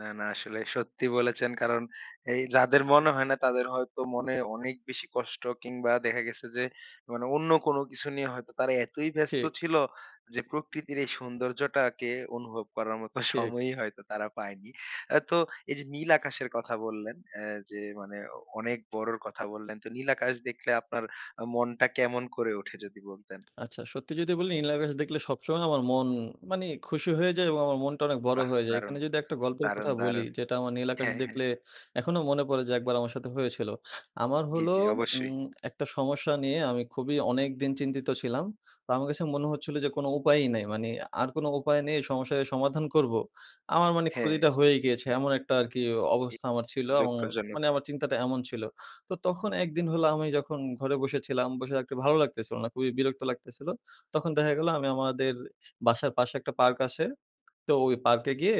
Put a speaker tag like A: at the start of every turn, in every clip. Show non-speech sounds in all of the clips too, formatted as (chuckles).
A: না, না। আসলে সত্যি বলেছেন কারণ, এই যাদের মনে হয় না তাদের হয়তো মনে অনেক বেশি কষ্ট। কিংবা দেখা গেছে যে মানে অন্য কোনো কিছু নিয়ে হয়তো তারা এতই ব্যস্ত
B: ঠিক।
A: ছিল। যে প্রকৃতির এই সৌন্দর্যটাকে অনুভব করার মতো
B: ঠিক।
A: সময়ই হয়তো তারা পায়নি। অ্যা তো, এই যে নীল আকাশের কথা বললেন, অ্যা যে মানে অনেক বড়র কথা বললেন। তো নীল আকাশ দেখলে আপনার আ মনটা কেমন করে ওঠে? যদি বলতেন?
B: আচ্ছা, সত্যি যদি বলি নীলাকাশ দেখলে সবসময় আমার মন মানি খুশি হয়ে যায়। এবং আমার মনটা অনেক বড়
A: বাহ!
B: হয়ে যায়।
A: দারুণ।
B: এখানে যদি একটা গল্পের
A: দারুণ,
B: কথা বলি,
A: দারুণ।
B: যেটা আমার নীল আকাশ
A: হ্যাঁ, হ্যাঁ।
B: দেখলে এখনো মনে পড়ে যে একবার আমার সাথে হয়েছিল। আমার
A: জ্বী,
B: হলো
A: জ্বী। অবশ্যই।
B: উম একটা সমস্যা নিয়ে আমি খুবই অনেকদিন চিন্তিত ছিলাম। তো আমার কাছে মনে হচ্ছিল যে কোনো উপায়ই নাই। মানি আর কোনো উপায় নেই সমস্যার যে সমাধান করব। আমার মানি
A: হ্যাঁ।
B: ক্ষতিটা হয়েই গিয়েছে, এমন একটা আরকি
A: এ
B: অবস্থা আমার ছিল। এবং
A: দুঃখজনক!
B: মানি আমার চিন্তাটা এমন ছিল। তো, তখন এক দিন হল আমি যখন ঘরে বসে ছিলাম, বসে থাকতে ভালো লাগতেছিল না। খুবই বিরক্ত লাগতেছিল। তখন দেখা গেলো আমি আমাদের বাসার পাশে একটা পার্ক আছে, তো ওই পার্কে গিয়ে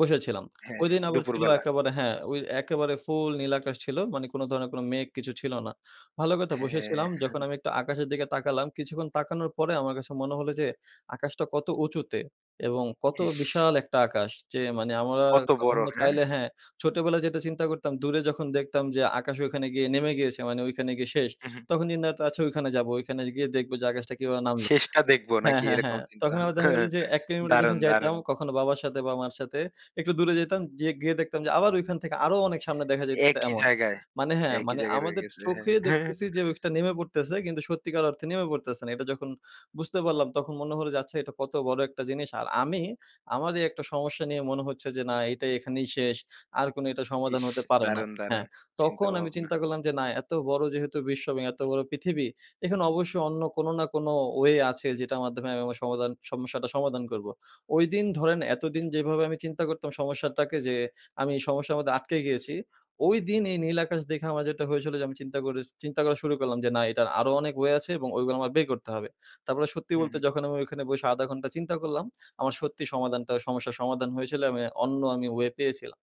B: বসেছিলাম।
A: হ্যাঁ, হ্যাঁ।
B: ওইদিন আবার ছিল
A: দুপুরবেলা।
B: একেবারে হ্যাঁ, অ একেবারে ফুল নীলাকাশ ছিল, মানি কোনো ধরনের কোনো মেঘ কিছু ছিল না। ভালো কথা
A: হ্যাঁ।
B: বসেছিলাম, যখন
A: (chuckles)
B: আমি একটু আকাশের দিকে তাকালাম, কিছুক্ষণ তাকানোর পরে আমার কাছে মনে হলো যে আকাশটা কত উঁচুতে। এবং কত
A: ইস!
B: বিশাল একটা আকাশ যে মানি আমার
A: কত
B: ক
A: বড়।
B: আমরা
A: হ্যাঁ?
B: চাইলে হ্যাঁ, ছোটবেলায় যেটা চিন্তা করতাম দূরে যখন দেখতাম যে আকাশ ওখানে গিয়ে নেমে গিয়েছে। মানি ওইখানে গিয়ে শেষ।
A: উ হু।
B: তখন চিন্তা করতাম, আচ্ছা ওইখানে যাবো। ওইখানে গিয়ে দেখবো যে আকাশটা কিভাবে নামল
A: শেষটা দেখবো
B: হ্যাঁ,
A: নাকি
B: হ্যাঁ,
A: এরকম
B: হ্যাঁ।
A: চিন্তা
B: তখন আবার
A: ভাবনা?
B: দেখা গেল যে ১ কিলোমিটার যখন
A: দারুণ,
B: যাইতাম,
A: দারুণ।
B: কখনো বাবার সাথে বা মার সাথে একটু দূরে যাইতাম। জিয়ে গিয়ে দেখতাম যে আবার ঐখান থেকে আরো অনেক সামনে দেখা যাইতেছে
A: একই
B: এমন।
A: জায়গায়,
B: মানি হ্যাঁ,
A: একই
B: মানি
A: জায়গায় রয়ে
B: আমাদের
A: গেছে। হ্যাঁ।
B: চোখে
A: (chuckles)
B: দেখতেছি যে ওইটা নেমে পড়তেছে কিন্তু সত্যিকার অর্থে নেমে পড়তেছে না। এটা যখন বুঝতে পারলাম তখন মনে হলো যে আচ্ছা, এটা কত বড় একটা জিনিস। আর আমি আমারই একটা সমস্যা নিয়ে মনে হচ্ছে যে না এইটা এখানেই শেষ। আর কোনো এটা সমাধান
A: ইস!
B: হতে পারে না।
A: দারুণ, দারুণ
B: হ্যাঁ, তখন আমি
A: চিন্তাভাবনা।
B: চিন্তা করলাম যে না এত বড় যেহেতু বিশ্ব এবং এত বড় পৃথিবী। এখানে অবশ্যই অন্য কোনো না কোনো ওয়ে আছে যেটার মাধ্যমে আমি আমার সমাধান সমস্যাটা সমাধান করব। ঐদিন ধরেন এতদিন যেভাবে আমি চিন্তা করতাম সমস্যাটাকে যে, আমি এই সমস্যার মধ্যে আটকে গিয়েছি। ওইদিন এই নীল আকাশ দেখে আমার যেটা হয়েছিল যে আমি চিন্তা করে স চিন্তা করা শুরু করলাম, যে না এটার আরো অনেক ওয়ে আছে। এবং ওয়ে গুলো আমার বের করতে হবে। তারপরে সত্যি
A: হু,
B: বলতে
A: হু।
B: যখন আমি ওইখানে বসে ০.৫ ঘন্টা চিন্তা করলাম, (smacks lips) আমার সত্যি সমাধানটা সমস্যার সমাধান হয়েছিল আমি অন্য আমি ওয়ে পেয়েছিলাম।